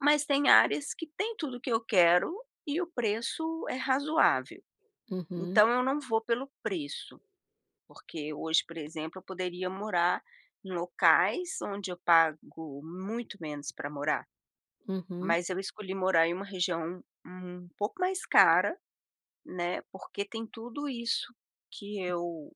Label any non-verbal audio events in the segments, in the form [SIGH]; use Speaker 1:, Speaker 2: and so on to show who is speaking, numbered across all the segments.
Speaker 1: Mas tem áreas que tem tudo o que eu quero e o preço é razoável.
Speaker 2: Uhum.
Speaker 1: Então eu não vou pelo preço, porque hoje, por exemplo, eu poderia morar em locais onde eu pago muito menos pra morar,
Speaker 2: Uhum.
Speaker 1: mas eu escolhi morar em uma região um pouco mais cara, né, porque tem tudo isso que
Speaker 2: [UNINTELLIGIBLE]
Speaker 1: eu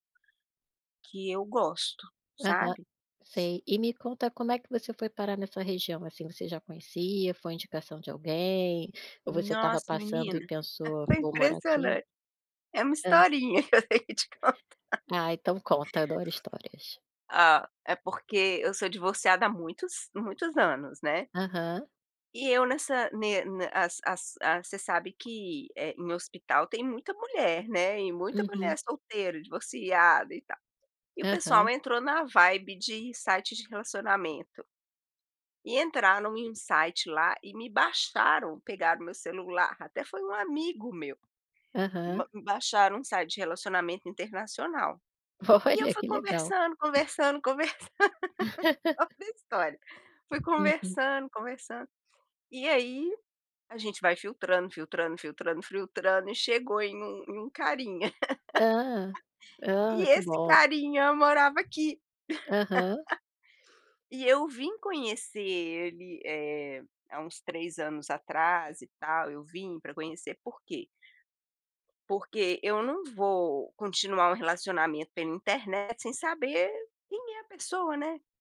Speaker 1: que eu gosto,
Speaker 2: Aham,
Speaker 1: sabe?
Speaker 2: sei. E me conta como é que você foi parar nessa região assim você já conhecia, foi indicação de alguém, ou você estava
Speaker 1: Nossa
Speaker 2: passando
Speaker 1: menina,
Speaker 2: e pensou:
Speaker 1: é
Speaker 2: "Vou morar aqui"?
Speaker 1: impressionante. É uma
Speaker 2: Hã.
Speaker 1: historinha que eu teria de contar.
Speaker 2: Ah, então conta, adoro histórias.
Speaker 1: Ah, é porque eu sou divorciada há muitos muitos anos, né.
Speaker 2: Aham.
Speaker 1: E eu nessa ne a as as você sabe que, eh, em hospital tem muita mulher, né, e muita mulher
Speaker 2: Uhum.
Speaker 1: solteira, divorciada e tal. E o
Speaker 2: Aham.
Speaker 1: pessoal entrou na vibe de sites de relacionamento e entraram em um site lá e me baixaram, pegaram meu celular, até foi um amigo meu.
Speaker 2: Aham.
Speaker 1: Ba baixaram um site de relacionamento internacional. E eu
Speaker 2: Olha,
Speaker 1: fui
Speaker 2: que legal.
Speaker 1: conversando, conversando, conversando, [LAUGHS] ouve
Speaker 2: [LAUGHS]
Speaker 1: essa história, fui
Speaker 2: Uhum.
Speaker 1: conversando, conversando, e aí, a gente vai filtrando, filtrando, filtrando, filtrando e chegou em um em um carinha.
Speaker 2: Hã,
Speaker 1: [LAUGHS] [UNINTELLIGIBLE] E
Speaker 2: hum, que
Speaker 1: esse
Speaker 2: bom.
Speaker 1: carinha morava aqui. [LAUGHS]
Speaker 2: Aham.
Speaker 1: E eu vim conhecer ele, eh, há uns 3 anos atrás e tal, eu vim pra conhecer por quê? Porque e eu não vou continuar um relacionamento pela internet sem saber quem é a pessoa, né?